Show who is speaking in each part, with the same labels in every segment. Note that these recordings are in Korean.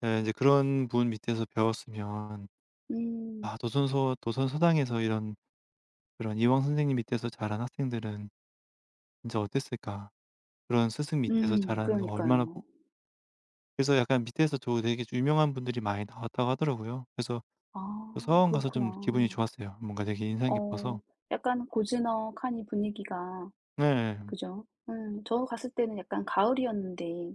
Speaker 1: 네 인제 그런 분 밑에서 배웠으면 아
Speaker 2: 음.
Speaker 1: 도산서원 도선서당에서 이런 그런 이황 선생님 밑에서 자란 학생들은 진짜 어땠을까? 그런 스승 밑에서
Speaker 2: 음.
Speaker 1: 자라는 거 얼마나 부
Speaker 2: 그러니까요.
Speaker 1: 그래서 약간 밑에서 저 되게 유명한 분들이 많이 나왔다고 하더라고요. 그래서 그
Speaker 2: 아.
Speaker 1: 서원 가서 좀 기분이
Speaker 2: 그렇구나.
Speaker 1: 좋았어요. 뭔가 되게 인상
Speaker 2: 어.
Speaker 1: 깊어서
Speaker 2: 약간 고즈넉하니 분위기가
Speaker 1: 네 예 헴.
Speaker 2: 그죠? 음. 저 갔을 때는 약간 가을이었는데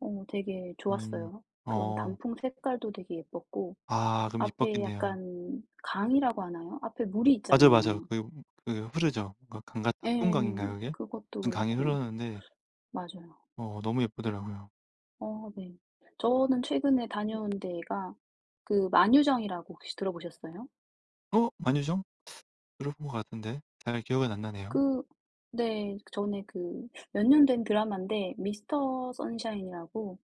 Speaker 2: 어 되게
Speaker 1: 음.
Speaker 2: 좋았어요. 그런
Speaker 1: 어.
Speaker 2: 단풍 색깔도 되게 예뻤고
Speaker 1: 아 그럼
Speaker 2: 앞에
Speaker 1: 이뻤겠네요.
Speaker 2: 약간 강이라고 하나요? 앞에 물이
Speaker 1: 맞아요, 맞아요.
Speaker 2: 있잖아요.
Speaker 1: 그 음 그 흐르죠. 뭔가 강 같아
Speaker 2: 예.
Speaker 1: 낙동강인가요 그게?
Speaker 2: 그것도
Speaker 1: 무슨 강이
Speaker 2: 그렇고.
Speaker 1: 흐르는데
Speaker 2: 맞아요.
Speaker 1: 어 너무 예쁘더라고요.
Speaker 2: 어 네. 저는 최근에 다녀온 데가 그 만휴정이라고 혹시 들어보셨어요?
Speaker 1: 어 만휴정? 들어본 것 같은데 잘 기억은 안 나네요.
Speaker 2: 그 그 네. 전에 그 몇 년 된 드라마인데 미스터 선샤인이라고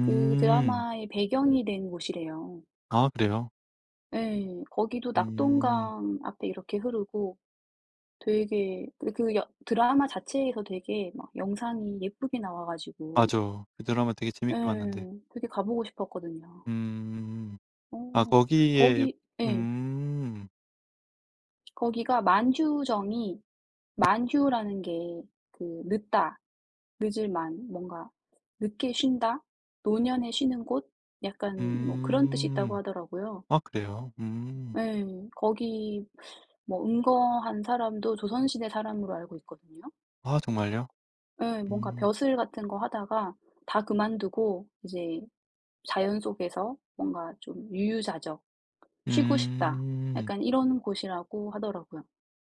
Speaker 2: 그 드라마의 배경이 된 곳이래요.
Speaker 1: 아 그래요?
Speaker 2: 예. 거기도
Speaker 1: 음.
Speaker 2: 낙동강 앞에 이렇게 흐르고 되게 그 그 여 드라마 자체에서 되게 막 영상이 예쁘게 나와 가지고
Speaker 1: 맞아요. 그 드라마 되게
Speaker 2: 예.
Speaker 1: 재밌게 봤는데.
Speaker 2: 되게 가 보고 싶었거든요.
Speaker 1: 음. 아
Speaker 2: 어.
Speaker 1: 거기에
Speaker 2: 거기 예.
Speaker 1: 음.
Speaker 2: 거기가 만휴정이 만휴라는 게 그 늦다 늦을 만 뭔가 늦게 쉰다. 노년에 쉬는 곳. 약간 뭐 그런 뜻이 있다고
Speaker 1: 음.
Speaker 2: 하더라고요.
Speaker 1: 아 그래요? 음.
Speaker 2: 예. 거기 뭐 은거한 사람도 조선시대 사람으로 알고 있거든요.
Speaker 1: 아 정말요?
Speaker 2: 예. 뭔가
Speaker 1: 음.
Speaker 2: 벼슬 같은 거 하다가 다 그만두고 이제 자연 속에서 뭔가 좀 유유자적 쉬고 싶다
Speaker 1: 음.
Speaker 2: 약간 이런 곳이라고 하더라고요.